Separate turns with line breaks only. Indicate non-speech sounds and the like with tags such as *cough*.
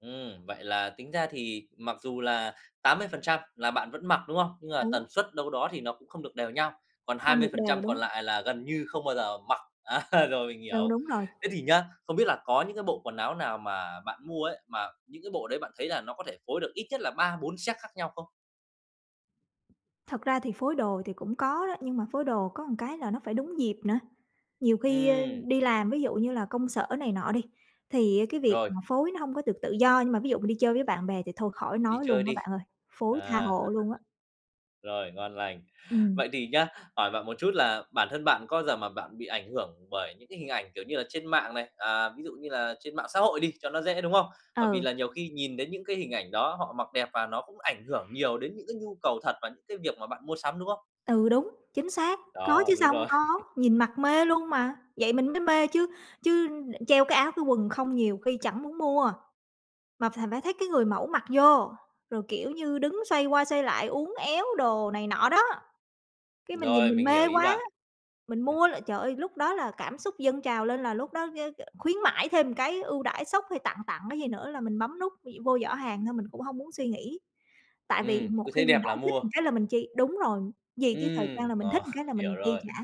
Ừm, vậy là tính ra thì mặc dù là 80% là bạn vẫn mặc, đúng không? Nhưng mà
Đúng.
tần suất đâu đó thì nó cũng không được đều nhau, còn hai
Không
mươi
được
phần
đều,
trăm
đúng
còn
hông?
lại là gần như không bao giờ mặc, á rồi mình
Ừ,
hiểu.
đúng rồi.
Thế thì nhá, không biết là có những cái bộ quần áo nào mà bạn mua ấy, mà những cái bộ đấy bạn thấy là nó có thể phối được ít nhất là 3, 4 set khác nhau không?
Thật ra thì phối đồ thì cũng có đó, nhưng mà phối đồ có một cái là nó phải đúng dịp nữa, nhiều khi, ơ,
Ừm.
đi làm ví dụ như là công sở này nọ đi, thì cái việc
Rồi.
mà phối nó hông có được tự do, nhưng mà ví dụ mà đi chơi với bạn bè thì thôi khỏi
Đi
nói
chơi
luôn á
đi,
bạn ơi, phối tha
à.
hồ luôn á.
*chuckles* Rồi, ngon lành.
Ừm.
Vậy thì nhá, hỏi bạn một chút là bản thân bạn có bao giờ mà bạn bị ảnh hưởng bởi những cái hình ảnh, kiểu như là, trên mạng này, à, ví dụ như là trên mạng xã hội đi cho nó dễ, đúng không? Bởi vì
Ừ.
là nhiều khi nhìn đến những cái hình ảnh đó, họ mặc đẹp và nó cũng ảnh hưởng nhiều đến những cái nhu cầu thật và những cái việc mà bạn mua sắm, đúng không?
Ừ, đúng, chính xác, có
Đó,
chứ
đúng
sao hông
rồi.
có,
*chuckles*
nhìn mặc mê luôn mà, vậy mình mới mê chứ chứ đ treo cái áo, cái quần không nhiều khi chẳng muốn mua, mà phải phải thấy cái người mẫu mặc vô, rồi, kiểu như, đứng xoay qua xoay lại uốn éo đồ này nọ đó. Cái mình nhìn
Rồi,
mình
mình hiểu
mê
ý
quá,
bạn.
mình mua là, trời ơi, lúc đó là cảm xúc dâng trào lên là lúc đó, ơ, ờ, khuyến mãi thêm một cái ưu đãi sốc, hay tặng tặng cái gì nữa là mình bấm nút v vô giỏ hàng thôi, mình cũng hông muốn suy nghĩ. Tại vì
Ừm,
một
cứ thấy
khi mình
đẹp
đã
là
thích
mua.
một cái là mình chi đúng rồi, vì cái thời trang
Ừm,
là mình
ờ,
thích một cái là
hiểu
mình chi
rồi.
trả.